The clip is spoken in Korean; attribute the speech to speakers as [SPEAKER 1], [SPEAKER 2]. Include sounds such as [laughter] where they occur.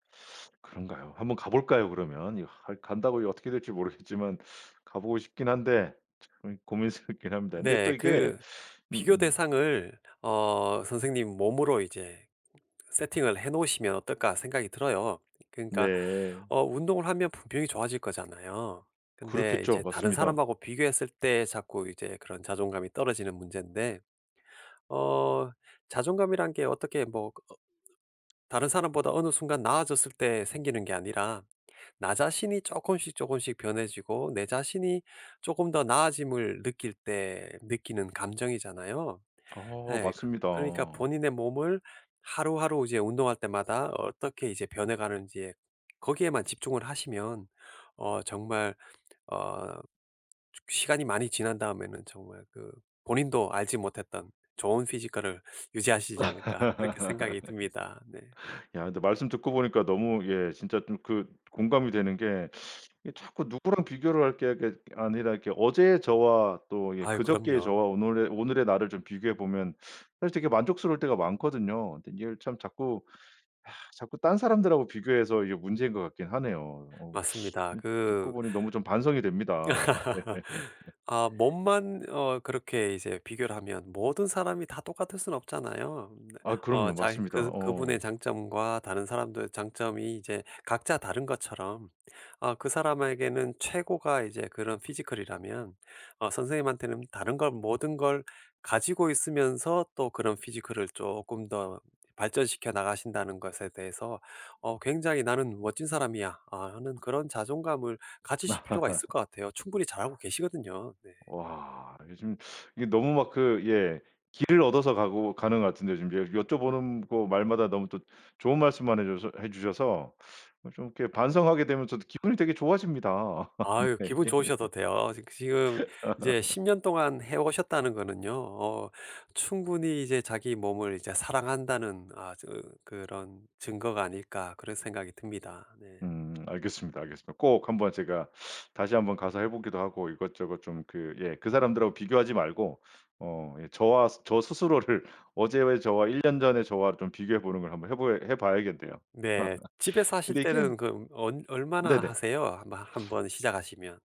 [SPEAKER 1] 그런가요? 한번 가 볼까요 그러면? 이거 갈 간다고 이거 어떻게 될지 모르겠지만 가보고 싶긴 한데 참 고민스럽긴 합니다. 근데
[SPEAKER 2] 네.
[SPEAKER 1] 또 이게
[SPEAKER 2] 그 비교
[SPEAKER 1] 음음.
[SPEAKER 2] 대상을 어 선생님 몸으로 이제 세팅을 해 놓으시면 어떨까 생각이 들어요. 그러니까
[SPEAKER 1] 네.
[SPEAKER 2] 어 운동을 하면 분명히 좋아질 거잖아요. 근데
[SPEAKER 1] 그렇겠죠.
[SPEAKER 2] 이제 다른
[SPEAKER 1] 맞습니다.
[SPEAKER 2] 사람하고 비교했을 때 자꾸 이제 그런 자존감이 떨어지는 문젠데 어 자존감이란 게 어떻게 뭐 어 다른 사람보다 어느 순간 나아졌을 때 생기는 게 아니라 나 자신이 쪼끔씩, 쪼끔씩 변해지고 내 자신이 쪼금 더 나아짐을 느낄 때 느끼는 감정이잖아요.
[SPEAKER 1] 어
[SPEAKER 2] 예. 그
[SPEAKER 1] 맞습니다.
[SPEAKER 2] 그러니까 본인의 몸을 하루하루 이제 운동할 때마다 어떻게 이제 변해가는지에 거기에만 집중을 하시면 어 정말 어 좀 시간이 많이 지난 다음에는 정말 그 '본인도 알지 못했던 좋은 피지컬을 유지하시지 않을까.' 그렇게 생각이 듭니다. 네.
[SPEAKER 1] [laughs] 야 근데 말씀 듣고 보니까 너무 예 진짜 좀 그 공감이 되는 게 이 자꾸 누구랑 비교를 할 게 게 아니라 이렇게 어제의 저와 또 예
[SPEAKER 2] 아이
[SPEAKER 1] 그저께의
[SPEAKER 2] 그럼요.
[SPEAKER 1] 저와 오늘의 오늘의 나를 좀 비교해보면 사실 되게 만족스러울 때가 많거든요. 근데 이걸 참 자꾸 야 자꾸 딴 사람들하고 비교해서 이게 문제인 것 같긴 하네요. 어
[SPEAKER 2] 맞습니다.
[SPEAKER 1] 음 듣고
[SPEAKER 2] 그
[SPEAKER 1] 보니 너무 좀 반성이 됩니다.
[SPEAKER 2] [laughs]
[SPEAKER 1] [laughs]
[SPEAKER 2] 아 몸만 어 그렇게 이제 비교를 하면 모든 사람이 다 똑같을 수는 없잖아요. 네
[SPEAKER 1] 아
[SPEAKER 2] 어
[SPEAKER 1] 그럼요.
[SPEAKER 2] 자기
[SPEAKER 1] 맞습니다.
[SPEAKER 2] 그 그분의
[SPEAKER 1] 어.
[SPEAKER 2] 장점과 다른 사람들의 장점이 이제 각자 다른 것처럼 어 그 사람에게는 최고가 이제 그런 피지컬 이라면 어 선생님한테는 다른 걸 모든 걸 가지고 있으면서 또 그런 피지컬을 쪼끔 더 발전시켜 나가신다는 것에 대해서 '어 굉장히 나는 멋진 사람이야.' 어 하는 그런 자존감을 가지실 필요가 있을
[SPEAKER 1] [laughs]
[SPEAKER 2] 것 같아요. 충분히 잘하고 계시거든요. 네.
[SPEAKER 1] 와 이게 지금 이게 너무 막 그 예 길을 얻어서 가고 가는 것 같은데 지금 여 여쭤보는 거 말마다 너무 또 좋은 말씀만 해 줘서 해 주셔서 어 좀 이렇게 반성하게 되면서도 기분이 되게 좋아집니다. [laughs]
[SPEAKER 2] 아유
[SPEAKER 1] 네.
[SPEAKER 2] 기분 좋으셔도 돼요. 지 지금 이제
[SPEAKER 1] [laughs]
[SPEAKER 2] 10 년 동안 해 오셨다는 거는요. 어 '충분히 이제 자기 몸을 이제 사랑한다는 아 저 그런 증거가 아닐까.' 그런 생각이 듭니다. 네.
[SPEAKER 1] 음 알겠습니다, 알겠습니다. 꼭 1 번 제가 다시 1 번 가서 해 보기도 하고 이것저것 좀 그 예 그 사람들하고 비교하지 말고 어 예 저와 스 저 스스로를 어제의 저와 1 년 전의 저와 좀 비교해 보는 걸 한번 해 보야 해 봐야겠네요.
[SPEAKER 2] 네.
[SPEAKER 1] [laughs]
[SPEAKER 2] 집에서 하실
[SPEAKER 1] 근데 이게
[SPEAKER 2] 때는 그 언 얼마나
[SPEAKER 1] 네네.
[SPEAKER 2] 하세요? 1 번 1
[SPEAKER 1] [sniffs]
[SPEAKER 2] 번 시작하시면?